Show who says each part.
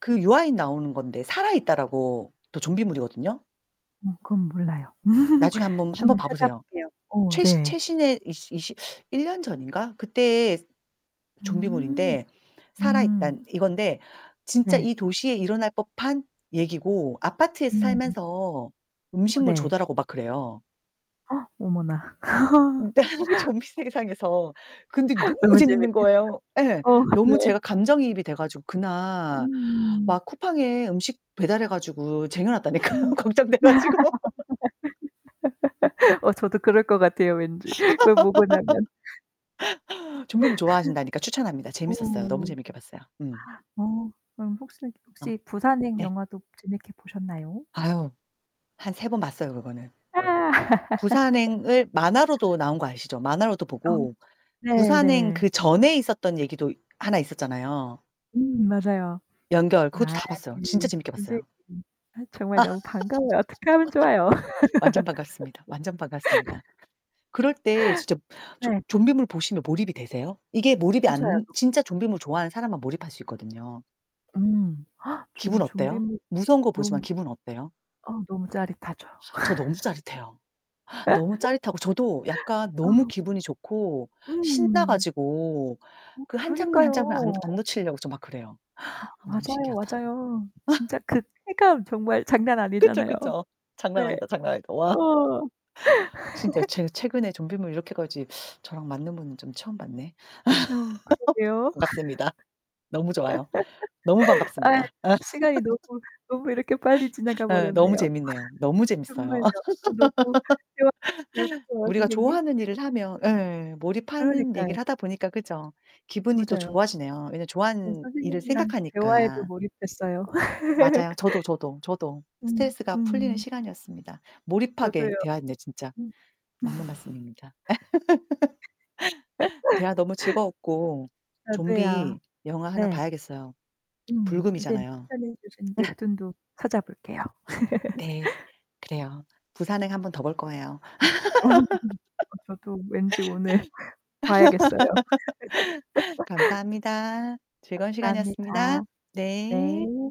Speaker 1: 그 유아인 나오는 건데 살아있다라고 또 좀비물이거든요?
Speaker 2: 음 그건 몰라요.
Speaker 1: 나중에 한번 한번
Speaker 2: 한번
Speaker 1: 봐 보세요.
Speaker 2: 찾아볼게요. 어
Speaker 1: 최시
Speaker 2: 네.
Speaker 1: 최신혜 이시 이시 1 년 전인가 그때
Speaker 2: 음.
Speaker 1: 좀비물인데
Speaker 2: 음.
Speaker 1: 살아있단 이건데 진짜
Speaker 2: 네.
Speaker 1: 이 도시에 일어날 법한 얘기고 아파트에서
Speaker 2: 음.
Speaker 1: 살면서
Speaker 2: 어
Speaker 1: 음식물
Speaker 2: 네.
Speaker 1: 조달하고 막 그래요.
Speaker 2: 어머나.
Speaker 1: 네. 그 좀비 세상에서 근데 너무
Speaker 2: 너무
Speaker 1: 재밌는
Speaker 2: 재밌게
Speaker 1: 거예요 예.
Speaker 2: 어
Speaker 1: 너무
Speaker 2: 네.
Speaker 1: 제가 감정이입이 돼 가지고 그날
Speaker 2: 음.
Speaker 1: 막 쿠팡에 음식 배달해 가지고 쟁여놨다니까요,
Speaker 2: 음.
Speaker 1: 걱정돼 가지고.
Speaker 2: 어 저도 그럴 것 같아요, 왠지 그걸 보고 나면.
Speaker 1: 좀비물 좋아하신다니까 추천합니다.
Speaker 2: 어.
Speaker 1: 재밌었어요. 너무 재밌게 봤어요. 음.
Speaker 2: 어 그럼 혹시
Speaker 1: 아
Speaker 2: 혹시 부산행
Speaker 1: 예.
Speaker 2: 영화도 재밌게 보셨나요?
Speaker 1: 아유 한 3 번 봤어요, 그거는.
Speaker 2: 아.
Speaker 1: 부산행을 만화로도 나온 거 아시죠? 만화로도
Speaker 2: 어
Speaker 1: 보고
Speaker 2: 네
Speaker 1: 부산행
Speaker 2: 네.
Speaker 1: 그전에 있었던 얘기도 하나 있었잖아요.
Speaker 2: 음 맞아요.
Speaker 1: 연결 그것도
Speaker 2: 아이
Speaker 1: 다 봤어요. 진짜 재밌게
Speaker 2: 선생님
Speaker 1: 봤어요.
Speaker 2: 아 정말 너무 반가워요. 어떻게 하면 좋아요.
Speaker 1: 완전 반갑습니다, 완전 반갑습니다. 그럴 때 진짜 조
Speaker 2: 네.
Speaker 1: 좀비물 보시면 몰입이 되세요? 이게 몰입이
Speaker 2: 맞아요.
Speaker 1: 안
Speaker 2: [unintelligible]
Speaker 1: 진짜 좀비물 좋아하는 사람만 몰입할 수 있거든요.
Speaker 2: 음. 저는
Speaker 1: 기분 어때요?
Speaker 2: 좀비물
Speaker 1: 무서운 거 보지만
Speaker 2: 너무
Speaker 1: 기분 어때요?
Speaker 2: 어 너무 짜릿하죠.
Speaker 1: 저 너무 짜릿해요. 너무 짜릿하고 저도 약간 너무
Speaker 2: 어.
Speaker 1: 기분이 좋고 신나
Speaker 2: 음.
Speaker 1: 가지고
Speaker 2: 어
Speaker 1: 그 1 장면 1 장면 안
Speaker 2: 그러니까요.
Speaker 1: 안 놓치려고 저 막 그래요.
Speaker 2: 아
Speaker 1: 아 너무
Speaker 2: 맞아요,
Speaker 1: 신기하다.
Speaker 2: 맞아요. 진짜 그 쾌감 정말 장난
Speaker 1: 그쵸,
Speaker 2: 아니잖아요.
Speaker 1: 그쵸. 장난
Speaker 2: 네.
Speaker 1: 아니다, 장난 아니다. 와.
Speaker 2: 어.
Speaker 1: 진짜 제가 최근에 좀비물 이렇게까지 저랑 맞는 분은 좀 처음 봤네.
Speaker 2: 어 그러게요.
Speaker 1: 반갑습니다. 너무 좋아요. 너무
Speaker 2: 아
Speaker 1: 반갑습니다.
Speaker 2: 시간이 너무 너무 이렇게 빨리 지나가
Speaker 1: 예 너무
Speaker 2: 버렸네요.
Speaker 1: 재밌네요. 너무 재밌어요.
Speaker 2: 정말요. 어 너무 대화 즐거워
Speaker 1: 우리가
Speaker 2: 선생님.
Speaker 1: 좋아하는 일을 하면 예. 몰입하는
Speaker 2: 그러니까요.
Speaker 1: 얘기를 하다 보니까 그죠. 기분이 또
Speaker 2: 맞아요.
Speaker 1: 좋아지네요, 왜냐하면
Speaker 2: 음
Speaker 1: 좋아하는 일을
Speaker 2: 선생님이랑 대화에도
Speaker 1: 생각하니까.
Speaker 2: 몰입했어요.
Speaker 1: 맞아요. 저도, 저도, 저도.
Speaker 2: 음,
Speaker 1: 스트레스가 풀리는
Speaker 2: 음.
Speaker 1: 시간이었습니다.
Speaker 2: 저도요.
Speaker 1: 몰입하게 대화했네 진짜.
Speaker 2: 음
Speaker 1: 맞는 말씀입니다. 대화 너무 즐거웠고
Speaker 2: 저도요.
Speaker 1: 좀비 영화 하나
Speaker 2: 네.
Speaker 1: 봐야겠어요.
Speaker 2: 음 선생님
Speaker 1: 불금이잖아요.
Speaker 2: 추천해 주신 웹툰도 찾아볼게요.
Speaker 1: 네. 그래요. 부산행 1 번 더 볼 거예요.
Speaker 2: 어 저도 왠지 오늘 봐야겠어요.
Speaker 1: 감사합니다. 즐거운 시간이었습니다.
Speaker 2: 감사합니다.
Speaker 1: 네.
Speaker 2: 네.